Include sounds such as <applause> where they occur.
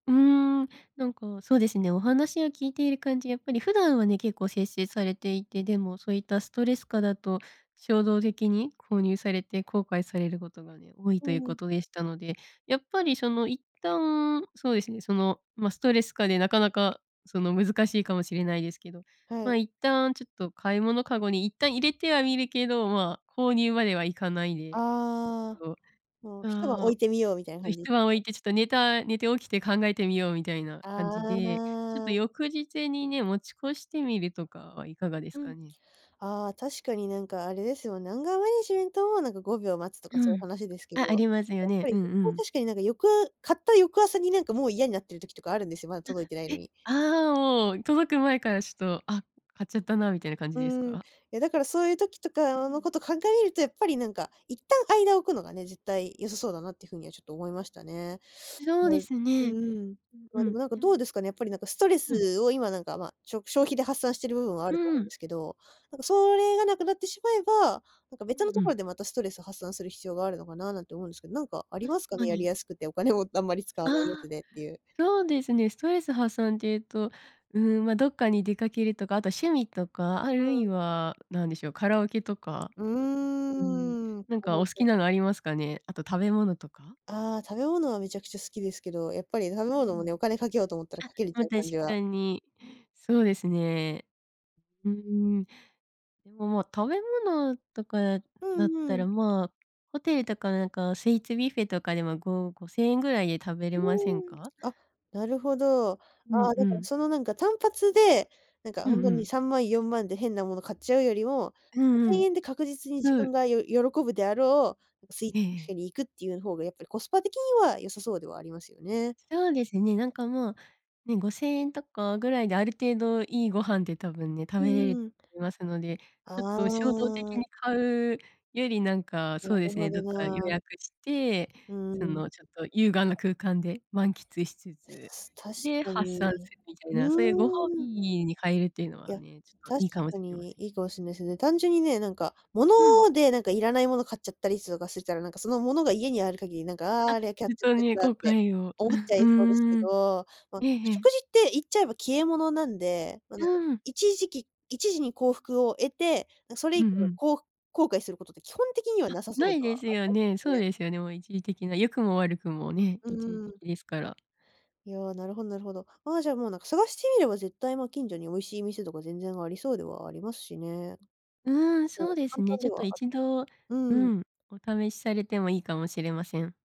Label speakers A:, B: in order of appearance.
A: うーん。なんか、そうですね。お話を聞いている感じ、やっぱり普段はね、結構節制されていて、でもそういったストレス下だと、衝動的に購入されて後悔されることがね、多い
B: う
A: というこ
B: ん。
A: とでしたので、やっぱりその一旦、そうですね。その、ま、ストレス下でなかなかその、難しいかもしれないですけど、
B: は
A: まあ、
B: い。
A: 一旦ちょっと買い物かごに一旦入れてはみるけど、まあ、購入まではいかないで、ち
B: ああ。
A: ょっ
B: もう、
A: と、
B: 一晩置
A: あ
B: いてみ
A: あ、
B: ようみたいな感じです
A: 一晩置
B: か？
A: いてちょっと寝た寝て起きて考えてみようみたいな感じで、ちょっ
B: ああ。
A: と翌日にね、持ち越してみるとかはいかがです
B: うん。
A: かね？
B: ああ、確かになんかあれですよ。アンガーマネジメントもなんか5秒待つとか
A: う
B: そういう
A: ん。
B: 話ですけど、
A: あ、ありますよ
B: やっぱ
A: ね。
B: り
A: うんう
B: そこは
A: ん。
B: 確かになんかよく買った翌朝になんかもう嫌になってる時とかあるんですよ。まだ届いてない
A: あ、
B: の
A: え、
B: に。
A: ああ、もう届く前からちょっと、あ、買っちゃったなみたいな感じ
B: う
A: です
B: ーん。い
A: か？
B: や、だからそういう時と
A: う
B: かの
A: ん。
B: こと鑑みると、やっぱりなんか、一旦間置くのがね。絶対良さそうだなっていうふうにはちょっと思いましたね。
A: そう
B: う
A: で
B: ん、
A: すね。
B: うーん。ま
A: う
B: あ、
A: ん
B: で
A: うん。
B: もなんか
A: で
B: どう
A: も。
B: ですかね。やっぱりなんかストレ
A: うん。
B: スを今なんか、まあ、しょく消費で発散してる部分はあ
A: う
B: ると思うんで
A: ん。
B: すけど。なんかそれがなくなってしまえば、なんか
A: う
B: 別の
A: んう
B: とこ
A: ん。
B: ろでまたストレス発散する必要があるのかな、なんて思うんですけど、なんかあり
A: 確
B: ますか
A: か
B: ね。やり
A: に。
B: やすくて、お金をあんまり使わないやつ
A: ああ。
B: でっていう。
A: そうですね。ストレス発散って言うと、うーん、ま、どっかに出かけるとか、あと趣味とか、あ
B: う
A: るい
B: ん。
A: は何でしょう。カラオケとか、
B: う
A: うん。
B: ーん。
A: 何
B: カラ
A: か
B: オ
A: お好
B: ケ。
A: きなのありますかね。あと食べ物とか？
B: ああ。食べ物はめちゃくちゃ好きですけど、やっぱり食べ
A: うん
B: 物
A: う
B: も
A: ん。
B: ね、お金かけようと思ったらかけるっ
A: あ、ま
B: て
A: あ、
B: いう
A: 確
B: 感じは。
A: かに。そうですね。うーん。でもまあ食べ物とか
B: う
A: なっ
B: んう
A: た
B: ん。
A: ら、まあ、ホテルとかなんかスイーツビュッフェとかでもご5000円ぐらいで食べれ
B: う
A: ません
B: ーん。
A: か？
B: あ、なるほど。あ
A: うん
B: あ、
A: う
B: だから
A: ん。
B: そのなんか単発で、なんか
A: うん
B: ほんと
A: う
B: に
A: ん。
B: 3万、4万で変なもの買っちゃうよりも、
A: う
B: ご
A: んう
B: せん
A: ん。
B: えんで確実に自
A: そ
B: 分
A: う。
B: がよ喜ぶであろう、スイーツ
A: ええ
B: ビュッ
A: ええ。
B: フェに行くっていう方がやっぱりコスパ的には良さそうではありますよね。
A: そうですね。なんかもう、ね、5000円とかぐらいで、ある程度いいご飯で多分ね、食
B: うん
A: べれ
B: うん。
A: ますので、ちょっ
B: あ
A: と衝動的
B: あ。
A: に買うより、なんか、
B: なる
A: そうですね。
B: ほ
A: ど
B: ど
A: っか予
B: な。
A: 約して、
B: う
A: そ
B: ん。
A: のちょっと優雅な空間で満喫しつつ、
B: 確
A: で
B: か
A: 発
B: に。
A: 散するみたいな、そういうご褒
B: う
A: 美
B: ーん。
A: に変えるっていうの
B: い
A: は
B: や、
A: ね、ちょっと
B: 確
A: いいかも
B: か
A: しれま
B: に、
A: せん。
B: いいかもしんないですよね。単純にね、なんか、物
A: うん。
B: でなんかいらないもの買っちゃったりするかすしたら、なんかそのものが家にある限り、なんか、ああ、
A: あ、
B: あれはキャッ
A: 本
B: チの
A: 当
B: やつ
A: に
B: だっ
A: 後
B: て、
A: 悔を。
B: 思っち
A: <chuckles>
B: ゃい
A: う
B: そうですけ
A: ん。
B: ど、ま、
A: えええ
B: 食
A: え。
B: 事って言っちゃえば消え物なんで、ま、なんか
A: うん。
B: 一時期一時に幸福を得て、それ
A: う
B: 以
A: んう
B: 降の
A: ん。
B: こう後悔することって基本的には
A: あ、
B: なさそ
A: な
B: うで
A: い
B: は
A: です
B: あり
A: よ
B: ま
A: ね。
B: すよ
A: そう
B: ね。
A: ですよね、もう一時的な、良くも悪くもね
B: う
A: 一時的
B: ん。
A: ですから。
B: いや、なるほどなるほど。ああ、じゃあもう、なんか探してみれば絶対、まあ近所に美味しい店とか全然ありそうではありますしね。
A: うん。そ
B: こ
A: う
B: う、
A: です
B: 簡
A: ね。
B: 単
A: ち
B: で
A: ょっ
B: は
A: と
B: ある
A: 一度、
B: か
A: う
B: も。うん。
A: ん、お試しされてもいいかもしれません。